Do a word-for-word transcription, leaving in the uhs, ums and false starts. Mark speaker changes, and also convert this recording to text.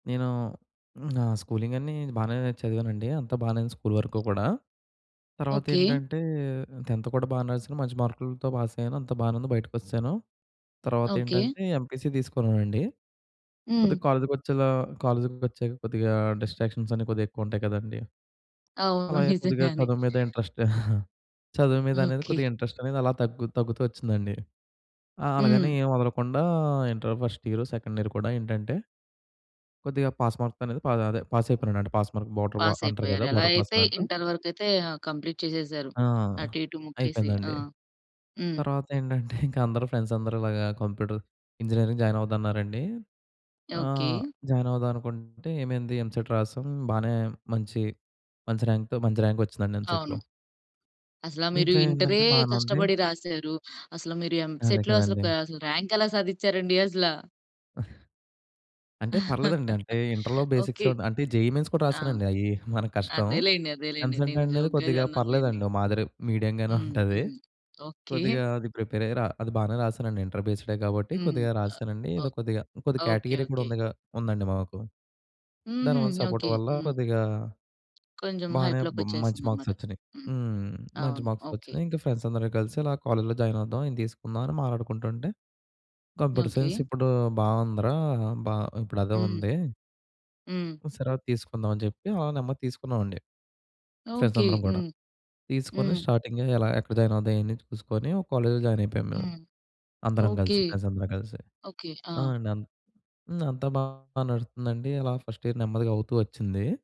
Speaker 1: నేను నా స్కూలింగన్నీ బాగానే చదివానండి అంతా బానే ఉంది స్కూల్ వరకు కూడా. తర్వాత
Speaker 2: ఓకే.
Speaker 1: ఏటంటే టెన్త్ కూడా బానే రాసాను మంచి మార్కులతో పాస్ అయ్యాను అంత బానే ఉంది బయటికోసాను. తర్వాత
Speaker 2: ఓకే.
Speaker 1: ఏంటంటే ఎంపీసీ తీసుకున్నానండి,
Speaker 2: హ్మ్.
Speaker 1: కొద్దిగా కాలేజ్‌కి వచ్చేలా కాలేజ్‌కి వచ్చాక కొద్దిగా డిస్ట్రాక్షన్సన్ని కొద్దిగా ఎక్కువ ఉంటాయి కదండీ!
Speaker 2: అవును.
Speaker 1: అలాగే కొద్దిగా
Speaker 2: నిజంగానే.
Speaker 1: చదువు మీద ఇంట్రెస్ట్ చదువు మీద అనేది
Speaker 2: ఓకే.
Speaker 1: కొద్దిగా ఇంట్రెస్టనేది అలా తగ్గు తగ్గుతూ ఒచ్చిందండి. ఆహ్, అలాగని
Speaker 2: హ్మ్.
Speaker 1: ఏం వదలకుండా inter first year, second year కూడా ఏంటంటే కొద్దిగా పాస్ మార్క్‌తో అనేది ప అదే పాస్ అయిపోయినాడంట పాస్ మార్క్ బోర్డర్‌వా
Speaker 2: పాస్
Speaker 1: అంటారు
Speaker 2: అయిపోయారు.
Speaker 1: కదా!
Speaker 2: ఎలా
Speaker 1: బోర్డర్ పాస్
Speaker 2: అయితే
Speaker 1: అంట.
Speaker 2: ఇంటర్ వరకయితే ఆహ్, కంప్లీట్ చేసేసారు
Speaker 1: ఆ!
Speaker 2: అటు ఇటు ముక్కేసి. ఆ!
Speaker 1: అయిపోయిందండి.
Speaker 2: హ్మ్.
Speaker 1: తర్వాత ఏంటంటే ఇంకా అందరూ ఫ్రెండ్స్ అందరూ ఇలాగా కంప్యూటర్ ఇంజినీరింగ్ జాయిన్ అవుదామన్నారండి. ఆహ్,
Speaker 2: ఓకే.
Speaker 1: జాయిన్ అవుదాం అనుకుంటే ఏమైంది ఎంసెట్ రాసాం బానే మంచి, మంచి ర్యాంక్‌తో మంచి ర్యాంకొచ్చిందండి ఎంసెట్‌లో.
Speaker 2: అవును. అసల మీరు
Speaker 1: దీంట్లో
Speaker 2: ఇంటరే
Speaker 1: ఏందంటే బానే ఉంది.
Speaker 2: కష్టపడి రాసారు. అసలు మీరు
Speaker 1: అదే
Speaker 2: ఎంసెట్‌లో
Speaker 1: కదండీ.
Speaker 2: అసలక ర్యాంక్ ఎలా సాధిచారండి అసల?
Speaker 1: అంటే పర్లేదండి. అంటే ఇంటర్‌లో బేసిక్స్
Speaker 2: ఓకే.
Speaker 1: అంటే జెయి మెయిన్స్ కూడా
Speaker 2: ఆ!
Speaker 1: రాసానండి అయి మన కష్టం.
Speaker 2: అదేలెండి. అదేలెండి.
Speaker 1: ఎంసెట్
Speaker 2: నేను
Speaker 1: అనేది
Speaker 2: జోక్‌గా
Speaker 1: కొద్దిగా
Speaker 2: అన్నాను లెండి.
Speaker 1: పర్లేదండి ఒక మాదిరి మీడియంగానే
Speaker 2: హ్మ్.
Speaker 1: ఉంటది.
Speaker 2: హ్మ్. ఓకే.
Speaker 1: కొద్దిగా అది ప్రిపేర్ అయ్యి‌ రా అది బానే రాసానండి ఇంటర్ బేస్‌‌డే కాబట్టి
Speaker 2: హ్మ్.
Speaker 1: కొద్దిగా రాసానండి
Speaker 2: ఓ
Speaker 1: ఏదో కొద్దిగా, కొద్దిగా
Speaker 2: ఓ ఓకే.
Speaker 1: కేటగిరీ గూడా
Speaker 2: ఓకే.
Speaker 1: ఉందిగా ఉందండి మాకు.
Speaker 2: హుహు.
Speaker 1: దానివల్ల సపోర్ట్
Speaker 2: ఓకే.
Speaker 1: వల్ల
Speaker 2: హ్మ్.
Speaker 1: కొద్దిగా
Speaker 2: కొంచెం
Speaker 1: బానే బ మంచి
Speaker 2: హైప్‌లోకొచ్చేసిందన్నమాట.
Speaker 1: మార్క్‌‌సొచ్చినాయి
Speaker 2: హ్మ్.
Speaker 1: హ్మ్. మంచి
Speaker 2: అవును. ఓకే.
Speaker 1: మార్క్‌‌సొచ్చినాయి. ఇంకా ఫ్రెండ్స్ అందరు కలిసి అలా కాలేజ్‌లో జాయిన్ అవుదాం ఇది తీసుకుందాం అని మాటాడుకుంటుంటే కంప్యూటర్ సైన్స్
Speaker 2: ఓకే.
Speaker 1: ఇప్పుడు బావుందిరా! బా ఇప్పుడు అదే
Speaker 2: హ్మ్.
Speaker 1: ఉంది.
Speaker 2: హ్మ్.
Speaker 1: సరే అది తీసుకుందాం అని చెప్పి ఆల నెమదిగా తీసుకున్నామండి. Friends
Speaker 2: okay.
Speaker 1: అందరం కూడా,
Speaker 2: హ్మ్.
Speaker 1: తీసుకొని
Speaker 2: హ్మ్.
Speaker 1: స్టార్టింగ్ ఎలా ఎక్కడ జాయిన్ అవుదాం అని చూసుకొని ఒక కాలేజ్‌లో జాయిన్ అయిపోయాము మేము.
Speaker 2: హ్మ్.
Speaker 1: అందరం
Speaker 2: ఓకే.
Speaker 1: కలిసి ఫ్రెండ్స్ అందరం కలిసి
Speaker 2: ఓకే.
Speaker 1: ఆ!
Speaker 2: ఆ!
Speaker 1: అండి. అన్ అంతా బాగా నడుస్తుందండి అలా ఫస్ట్ ఇయర్ నెమ్మదిగా అవుతూ ఒచ్చింది.